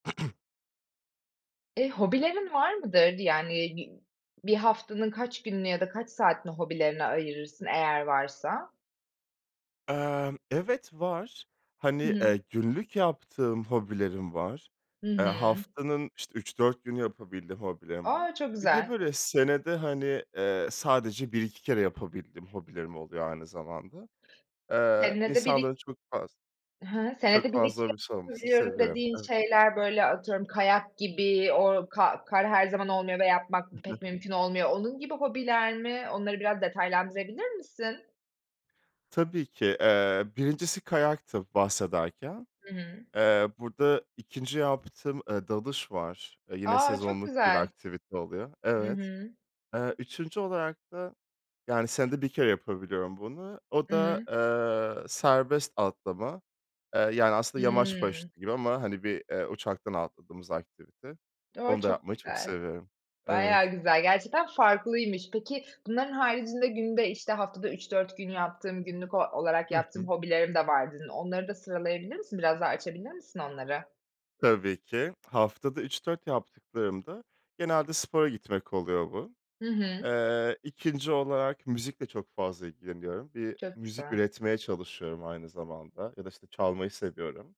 Eee, hobilerin var mıdır? Yani, bir bir haftanın kaç gününü ya da kaç saatini hobilerine ayırırsın eğer varsa? Emm, evet, var. I Hani, hı. eee, günlük yaptığım hobilerim var. Hı Eee, hı. haftanın, işte, 3-4 günü yapabildiğim hobilerim var. A! Çok Bir de, güzel. böyle, senede, hani, eee, sadece 1-2 kere yapabildiğim hobilerim oluyor aynı zamanda. Eee, Senede bir iki insanların çok faz Hı hı. çok Senede 1-2 fazla hobisi olmasını yapabiliyorum seviyorum. dediğin Evet. şeyler, böyle, atıyorum, kayak gibi o ka kar her zaman olmuyor ve yapmak pek mümkün olmuyor. Onun gibi hobiler mi? Onları biraz detaylandırabilir misin? Tabii ki. Eee, 1'incisi kayaktı bahsederken. Hıı. Eee, burada 2'nci yaptığım, eee, dalış var. Eee, yine A! Çok sezonluk bir güzel. aktivite oluyor. Hı Evet. hı. Eee, 3’üncü olarak da, yani, senede 1 kere yapabiliyorum bunu. O Hı da, hı. eee, serbest atlama. Eee, yani, aslında yamaç Hıı. paraşütü gibi ama, hani, bir, eee, uçaktan atladığımız aktivite. O! Onu da Çok yapmayı çok güzel. seviyorum. Evet. Bayağı güzel. Gerçekten farklıymış. Peki, "Bunların haricinde günde, işte, haftada 3-4 gün yaptığım günlük o olarak Hı yaptığım hı. hobilerim de var." dedin. Onları da sıralayabilir misin? Biraz daha açabilir misin onları? Tabii ki. Haftada 3-4 yaptıklarım da genelde spora gitmek oluyor bu. Hı hı. Eee, 2'nci olarak müzikle çok fazla ilgileniyorum. Bir Çok müzik güzel. üretmeye çalışıyorum aynı zamanda ya da, işte, çalmayı seviyorum.